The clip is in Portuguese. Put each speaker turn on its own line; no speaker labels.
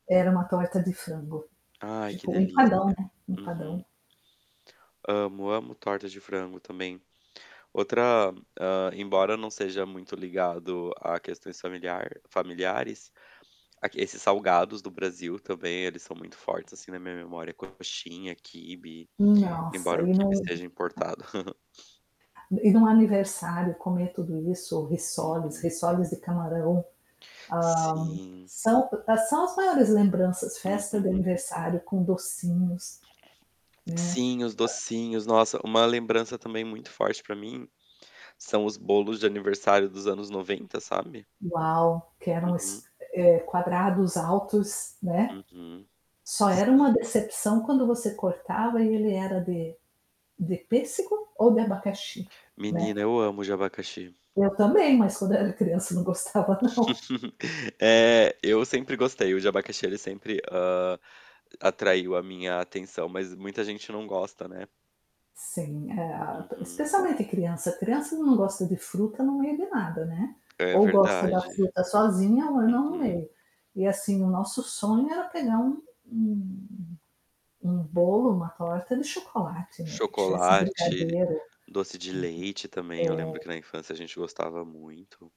Era uma torta de frango.
Ai ,que
Tipo um
delícia.
empadão, né, um
Uhum.
empadão.
Amo, amo torta de frango também. Outra hã, embora eu não seja muito ligado a questões familiar familiares, a que esses salgados do Brasil também, eles são muito fortes, assim, na minha memória. Coxinha, quibe
Nossa,
embora o
e
quibe
no
seja importado.
E e no aniversário comer tudo isso, risoles,
Uhum.
risoles de camarão, hã,
Sim.
são são as maiores lembranças, festa de
Uhum.
aniversário com docinhos, né.
Sim, os docinhos. Nossa, uma lembrança também muito forte pra mim são os bolos de aniversário dos anos 90, sabe.
Uau, que eram
Uhum.
os eh, quadrados altos, né.
Uhum.
Só era uma
Sim.
decepção quando você cortava e ele era de de pêssego ou de abacaxi, né.
Menina, eu amo o de abacaxi.
Eu também, mas quando era criança não gostava, não.
Eh, eu sempre gostei. O de abacaxi, ele sempre, hã, atraiu a minha atenção. Mas muita gente não gosta, né?
Sim, eh, a p
Uhum.
especialmente, a criança. Criança não gosta de fruta no meio de nada, né.
É
Ou gosta da
verdade.
fruta sozinha ou não no
Uhum.
meio. E, assim, o nosso sonho era pegar um um um bolo, uma torta de chocolate, né, que tivesse
Chocolate,
brigadeiro.
doce de leite também eu
Uhum.
lembro que
É.
na infância a gente gostava muito.